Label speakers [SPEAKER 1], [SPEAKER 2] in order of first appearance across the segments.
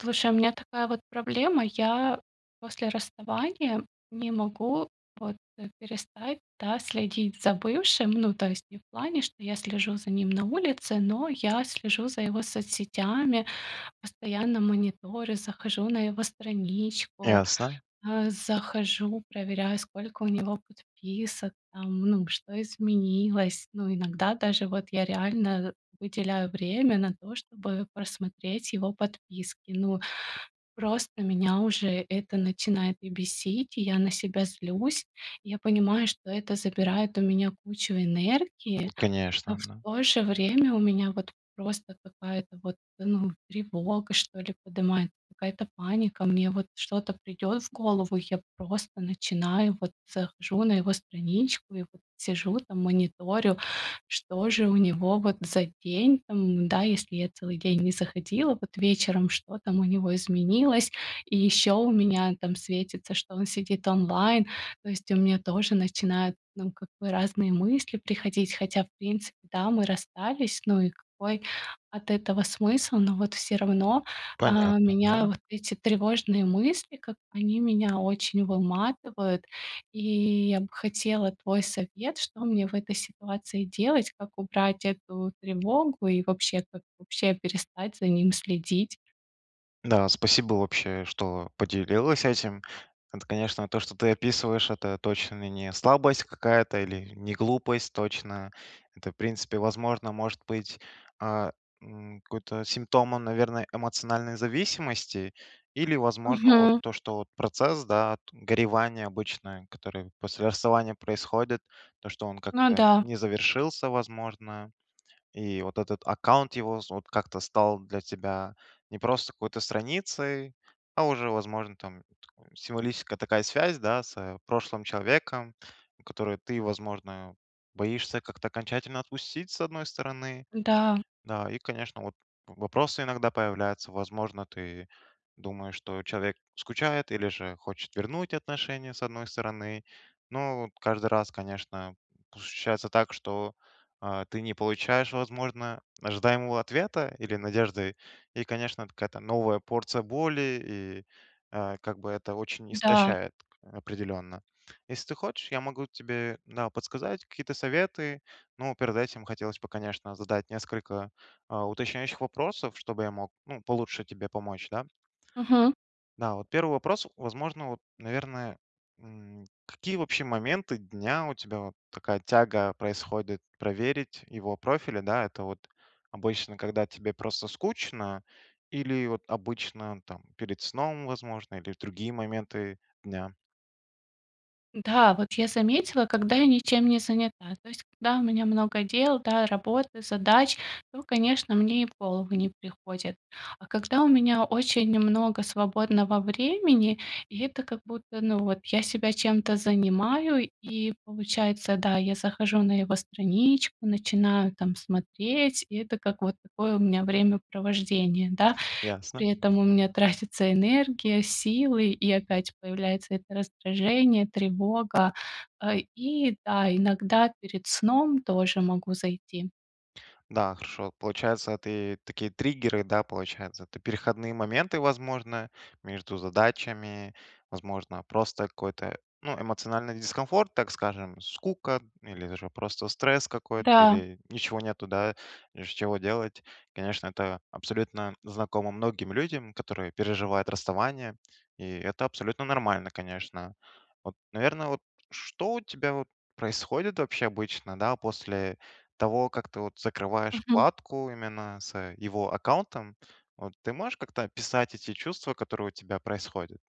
[SPEAKER 1] Слушай, у меня такая вот проблема. Я после расставания не могу вот, э, перестать, да, следить за бывшим. Ну, то есть не в плане, что я слежу за ним на улице, но я слежу за его соцсетями, постоянно мониторю, захожу на его страничку,
[SPEAKER 2] Ясно.
[SPEAKER 1] а, захожу, проверяю, сколько у него подписок, там ну что изменилось. Ну, иногда даже вот я реально выделяю время на то, чтобы просмотреть его подписки. Ну, просто меня уже это начинает и бесить, и я на себя злюсь. Я понимаю, что это забирает у меня кучу энергии, но в
[SPEAKER 2] Конечно.
[SPEAKER 1] то же время у меня вот просто какая-то вот, ну тревога, что ли, подымается, какая-то паника. Мне вот что-то придет в голову, и я просто начинаю, вот захожу на его страничку, и вот сижу там мониторю, что же у него, вот, за день там, м. Да, если я целый день не заходила, вот, вечером- что там у него изменилось? И еще у меня там светится, что он сидит онлайн. То есть у меня тоже начинают, ну, как бы, разные мысли приходить, хотя в принципе, да, мы расстались. Ну и какой от этого смысл? Но вот всё равно,
[SPEAKER 2] Понятно,
[SPEAKER 1] а, меня
[SPEAKER 2] да.
[SPEAKER 1] вот эти тревожные мысли, как бы они меня очень выматывают. И я бы хотела твой совет, что мне в этой ситуации делать, как убрать эту тревогу и вообще, как вообще перестать за ним следить?
[SPEAKER 2] Да, спасибо, вообще, что поделилась этим. Это, конечно, то, что ты описываешь, это точно не слабость какая-то или не глупость точно. Это в принципе, возможно, может быть, э, м, какой-то симптом он, наверное, эмоциональной зависимости. Или, возможно, вот
[SPEAKER 1] Мгм.
[SPEAKER 2] то, что вот процесс, да, т горевание обычное, который после расставания происходит, то, что он
[SPEAKER 1] Ну
[SPEAKER 2] как-то
[SPEAKER 1] да.
[SPEAKER 2] не завершился, возможно, и вот этот аккаунт его з вот как-то стал для тебя не просто какой-то страницей, а уже, возможно, там такое символическая такая связь, да, с, э, прошлым человеком, которую ты, возможно, боишься как-то окончательно отпустить, с одной стороны.
[SPEAKER 1] Да.
[SPEAKER 2] Да. И, конечно, вот вопросы иногда появляются. Возможно, ты думаешь, что человек скучает или же хочет вернуть отношения, с одной стороны. Но вот каждый раз, конечно, п ощущается так, что, э, ты не получаешь, возможно, ожидаемого ответа или надежды. И, конечно, от какая-то новая порция боли- и, э, как бы это очень
[SPEAKER 1] Да.
[SPEAKER 2] истощает, к определенно. Если ты хочешь, я могу тебе, да, подсказать какие-то советы. Но перед этим хотелось бы, конечно, задать несколько, э, уточняющих вопросов, чтобы я мог, ну, получше тебе помочь, да.
[SPEAKER 1] Мгм.
[SPEAKER 2] Да, вот 1 вопрос, возможно вот, наверное, м: какие вообще моменты дня у тебя вот такая тяга происходит проверить его профили, да? Это вот обычно, когда тебе просто скучно, или вот обычно там перед сном, возможно, или в другие моменты дня?
[SPEAKER 1] Да, вот я заметила, когда я ничем не занята. То есть когда у меня много дел, да, работы, задач, то, конечно, мне и в голову не приходит. А когда у меня очень много свободного времени, и это как будто, ну, вот я себя чем-то занимаю, и получается, да, я захожу на его страничку, начинаю там смотреть, и это как вот такое у меня времяпровождение, да.
[SPEAKER 2] Ясно.
[SPEAKER 1] При этом у меня тратится энергия, силы, и опять появляется это раздражение, тревога. Э, и да, иногда перед сном тоже могу зайти.
[SPEAKER 2] Да, хорошо, получается, это и такие триггеры, да, получается, это переходные моменты, возможно, между задачами, возможно, просто какой-то, ну, эмоциональный дискомфорт, так скажем, скука или же просто стресс какой-то,
[SPEAKER 1] Да.
[SPEAKER 2] или ничего нету, да, из чего делать. Конечно, это абсолютно знакомо многим людям, которые переживают расставание, и это абсолютно нормально, конечно. Вот, наверно, вот что у тебя вот происходит вообще обычно, да, после того, как ты вот закрываешь
[SPEAKER 1] Мгм.
[SPEAKER 2] вкладку именно с, э, его аккаунтом, вот ты можешь как-то описать эти чувства, которые у тебя происходят?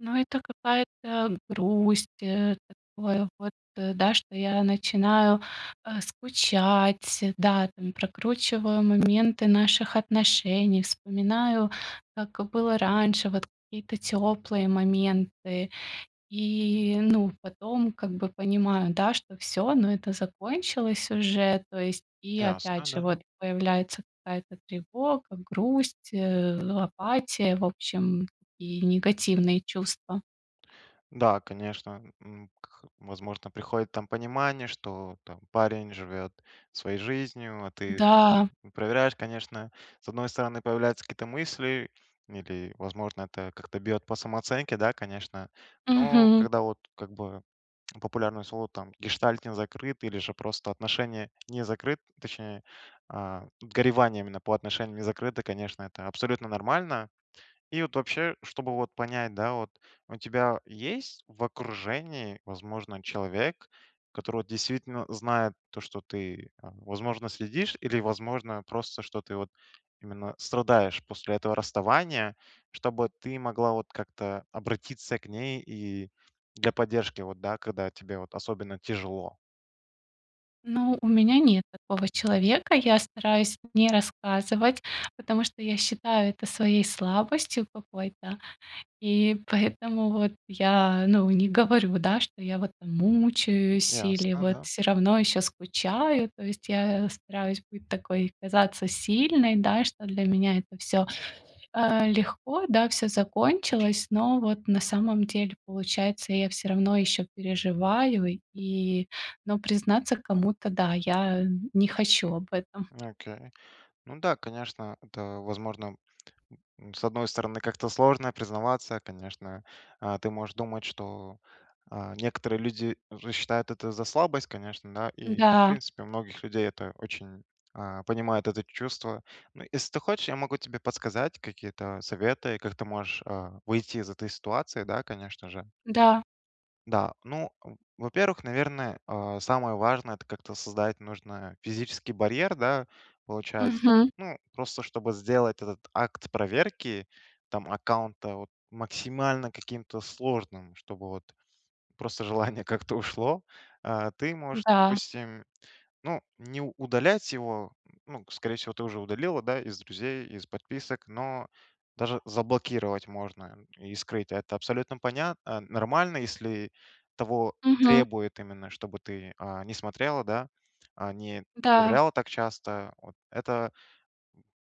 [SPEAKER 1] Ну, это какая-то грусть, э, такое вот, да, что я начинаю, э, скучать, да, там, прокручиваю моменты наших отношений, вспоминаю, как было раньше, вот какие-то теплые моменты, и, ну, потом как бы понимаю, да, что всё, ну, это закончилось уже то есть. И опять
[SPEAKER 2] Ясно,
[SPEAKER 1] же
[SPEAKER 2] да.
[SPEAKER 1] вот, появляется какая-то тревога, грусть, э, апатия, в общем, и негативные чувства.
[SPEAKER 2] Да, конечно, м, м, кх возможно, приходит там понимание, что там парень живет своей жизнью, а ты [unintelligible]
[SPEAKER 1] Да.
[SPEAKER 2] проверяешь, конечно. С одной стороны, появляются какие-то мысли, или, возможно, это как-то бьет по самооценке да, конечно? Но
[SPEAKER 1] Мгм.
[SPEAKER 2] когда вот, как бы популярное слово там, гештальт не закрыт, или же просто отношения не закрыт точнее, э, горевание именно по отношениям не закрыто, конечно, это абсолютно нормально. И вот вообще, чтобы вот понять, да, вот у тебя есть в окружении, возможно, человек, который вот действительно знает то, что ты, э, возможно, следишь или, возможно, просто что ты вот именно страдаешь после этого расставания, чтобы ты могла вот как-то обратиться к ней и для поддержки вот, да, когда тебе вот особенно тяжело?
[SPEAKER 1] Ну, у меня нет такого человека. Я стараюсь не рассказывать, потому что я считаю это своей слабостью какой-то, и поэтому вот я, ну, не говорю, да, что я вот там мучаюсь или
[SPEAKER 2] Ясно,
[SPEAKER 1] вот
[SPEAKER 2] да.
[SPEAKER 1] всё равно еще скучаю. То есть я, э, стараюсь быть такой казаться сильной, да, что для меня это всё, э, легко, да, всё закончилось, но вот на самом деле получается, я всё равно ещё переживаю и но признаться кому-то, да, я не хочу об этом.
[SPEAKER 2] Окей. Ну да, конечно, это возможно, с одной стороны, как-то сложно признаваться, конечно, э. Ты можешь думать, что, э, некоторые люди же считают это за слабость, конечно, да? И в
[SPEAKER 1] Да.
[SPEAKER 2] принципе, у многих людей это очень э, понимают это чувство. Ну, ес ты хочешь, я могу тебе подсказать какие-то советы, как ты можешь, э, выйти из этой ситуации, да, конечно же.
[SPEAKER 1] Да.
[SPEAKER 2] Да. Ну, в во-первых, наверное, э, самое важное- это как-то создать нужно физический барьер, да, получается.
[SPEAKER 1] Мгм.
[SPEAKER 2] Ну, просто чтобы сделать этот акт проверки там аккаунта вот максимально каким-то сложным, чтобы вот просто желание как-то ушло, э, ты можешь,
[SPEAKER 1] Да.
[SPEAKER 2] допустим, ну, не у удалять его. Н ну, скорее всего, ты уже удалила, да, из друзей, из подписок, но даже заблокировать можно н и скрыть. Это абсолютно понятно, нормально, если того
[SPEAKER 1] Мгм.
[SPEAKER 2] требуют именно, чтобы ты, э, не смотрела, да, э, не
[SPEAKER 1] Да.
[SPEAKER 2] проверяла так часто. Вот это,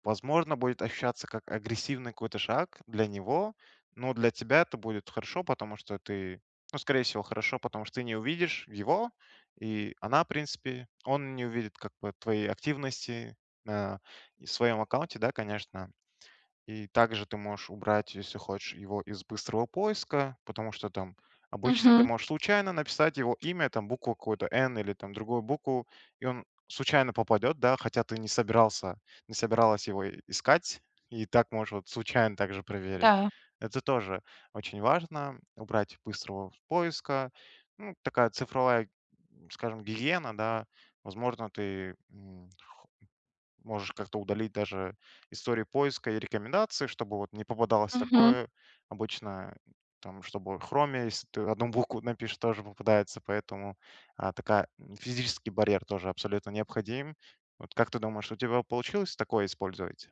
[SPEAKER 2] в возможно, будет ощущаться как агрессивный какой-то шаг для него, но для тебя это будет хорошо, потому что ты ну, скорее всего, хорошо, потому что ты не увидишь его, и она, в принципе он не увидит как бы твоей активности, э, и в своем аккаунте, да, конечно. И также ты можешь убрать, если хочешь, его из быстрого поиска, потому что там обычно ты
[SPEAKER 1] Мгм.
[SPEAKER 2] можешь случайно написать его имя, там букву какую-то, "н", или там другую букву, и он случайно попадет, да, хотя ты не собирался не собиралась его и искать, и так можешь вот случайно также проверить.
[SPEAKER 1] Да.
[SPEAKER 2] Это тоже очень важно- убрать быстрого поиска. Ну, такая цифровая, м, скажем, гигиена, да. Возможно, ты, м, х можешь как-то удалить даже истории поиска и рекомендации, чтобы вот не попадалось
[SPEAKER 1] Мгм.
[SPEAKER 2] такое. Обычно там, чтобы в хроме, если ты одну букву напишешь, тоже попадается, поэтому, э, такая физический барьер тоже абсолютно необходим. Вот как ты думаешь, у тебя б получилось такое использовать?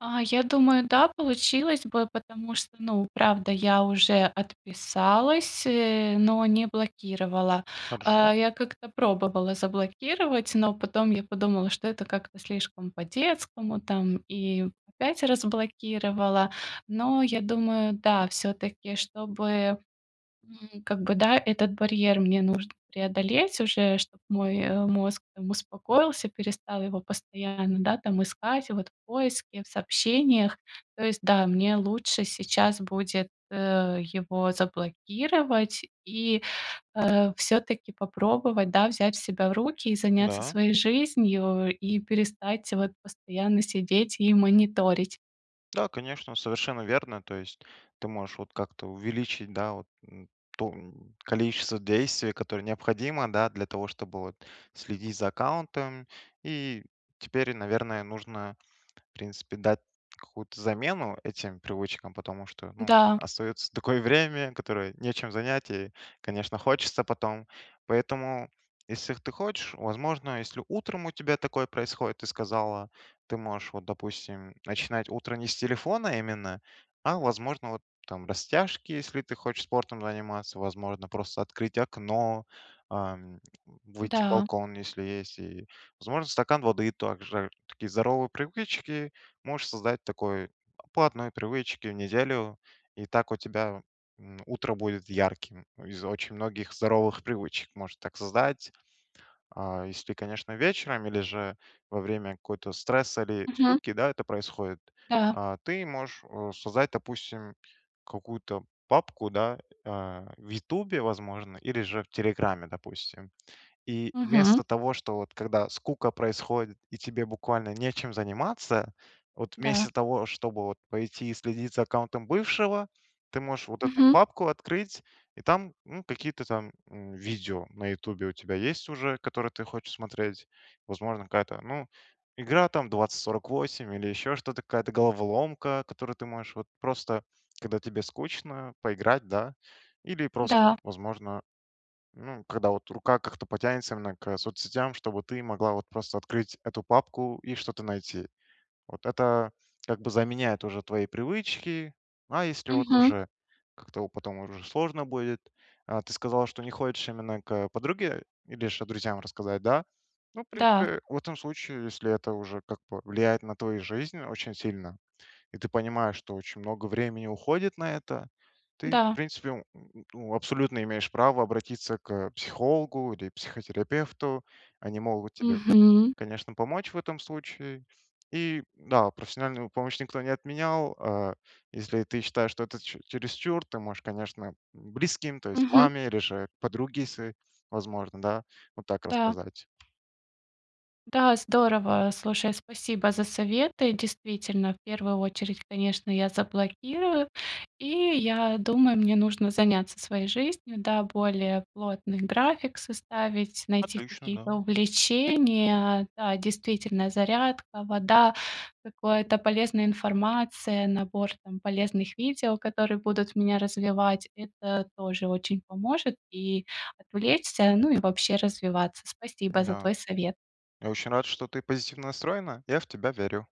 [SPEAKER 1] А, я думаю, да, получилось бы, потому что, ну, правда, я уже отписалась, э, но не блокировала.
[SPEAKER 2] Хорошо.
[SPEAKER 1] Э, я как-то пробовала заблокировать, но потом я подумала, что это как-то слишком по-детскому там, и опять разблокировала. Но я думаю, да, всё-таки, чтобы, м, как бы да, чтобы этот барьер мне нужно преодолеть уже, чтоб мой, э, мозг там успокоился, перестал его постоянно, да, там искать вот в поиске, в сообщениях. То есть да, мне лучше сейчас будет, э, его заблокировать и, э, всё-таки попробовать, да, взять себя в руки и заняться
[SPEAKER 2] Да.
[SPEAKER 1] своей жизнью, и перестать вот постоянно сидеть и мониторить.
[SPEAKER 2] Да, конечно, совершенно верно. То есть ты можешь вот как-то увеличить, да, вот н то н количество действий, которое необходимо, да, для того, чтобы вот следить за аккаунтом. И теперь, наверное, нужно в принципе дать какую-то замену этим привычкам, потому что, ну,
[SPEAKER 1] Да.
[SPEAKER 2] остается такое время, которое нечем занять, и, конечно, хочется потом. Поэтому, если ты хочешь, возможно, если утром у тебя такое происходит, ты сказала, ты можешь, вот допустим, м, начинать утро не с телефона именно, а возможно, вот там растяжки, если ты хочешь спортом заниматься, возможно, просто открыть окно, ам, выйти в
[SPEAKER 1] Да.
[SPEAKER 2] балкон, если есть. И, возможно, стакан воды, также. Такие здоровые привычки можешь создать такой платные привычки в неделю, и так у тебя, м, утро будет ярким из очень многих здоровых привычек может так создать. А, если ты, конечно, вечером или же во время какого-то стресса или
[SPEAKER 1] Мгм.
[SPEAKER 2] скуки, да, это происходит,
[SPEAKER 1] Да.
[SPEAKER 2] а, ты можешь, а, создать, допустим, какую-то папку, да, а, в "Ютубе", возможно, или же в "Телеграме", допустим. И
[SPEAKER 1] Мгм.
[SPEAKER 2] вместо того, что вот когда скука происходит, и тебе буквально нечем заниматься, вот
[SPEAKER 1] Да.
[SPEAKER 2] вместо того, чтобы вот пойти и следить за аккаунтом бывшего, ты можешь вот эту
[SPEAKER 1] Мгм.
[SPEAKER 2] папку открыть, и там, ну, какие-то там, м, видео на "Ютубе" у тебя есть уже, которые ты хочешь смотреть. Возможно, какая-то, ну, игра там 2048 или еще что-то, какая-то головоломка, в которую ты можешь вот просто, когда тебе скучно, поиграть, да. Или просто,
[SPEAKER 1] Да.
[SPEAKER 2] вот возможно, ну, когда вот рука как-то потянется вновь к соцсетям, чтобы ты могла вот просто открыть эту папку и что-то найти. Вот это как бы заменяет уже твои привычки. А если вот
[SPEAKER 1] Мгм.
[SPEAKER 2] уже как-то у потом уже сложно будет. А ты сказала, что не хочешь именно к подруге или же друзьям рассказать, да? Ну в
[SPEAKER 1] Да.
[SPEAKER 2] принципе, в этом случае, если это уже как бы влияет на твою жизнь очень сильно, и ты понимаешь, что очень много времени уходит на это, ты, в
[SPEAKER 1] Да.
[SPEAKER 2] принципе, н н ну абсолютно имеешь право обратиться к психологу или психотерапевту. Они могут тебе,
[SPEAKER 1] Мгм.
[SPEAKER 2] конечно, помочь в этом случае. И, да, профессиональную помощь никто не отменял. А, если ты считаешь, что это чере чересчур, ты можешь, конечно, м, близким, то есть
[SPEAKER 1] Мгм.
[SPEAKER 2] маме или же подруге своей, возможно, да, вот так
[SPEAKER 1] Да.
[SPEAKER 2] рассказать.
[SPEAKER 1] Да, здорово. Слушай, спасибо за советы. Действительно, в 1 очередь, конечно, я заблокирую и я думаю, мне нужно заняться своей жизнью. Да, более плотный график составить, найти
[SPEAKER 2] Отлично. Да.
[SPEAKER 1] какие-то увлечения. Да, действительно: зарядка, вода, какое-то полезная информация, набор там полезных видео, которые будут меня развивать, это тоже очень поможет и отвлечься, ну и вообще развиваться. Спасибо за
[SPEAKER 2] Да.
[SPEAKER 1] твой совет.
[SPEAKER 2] Я очень рад, что ты позитивно настроена. Я в тебя верю.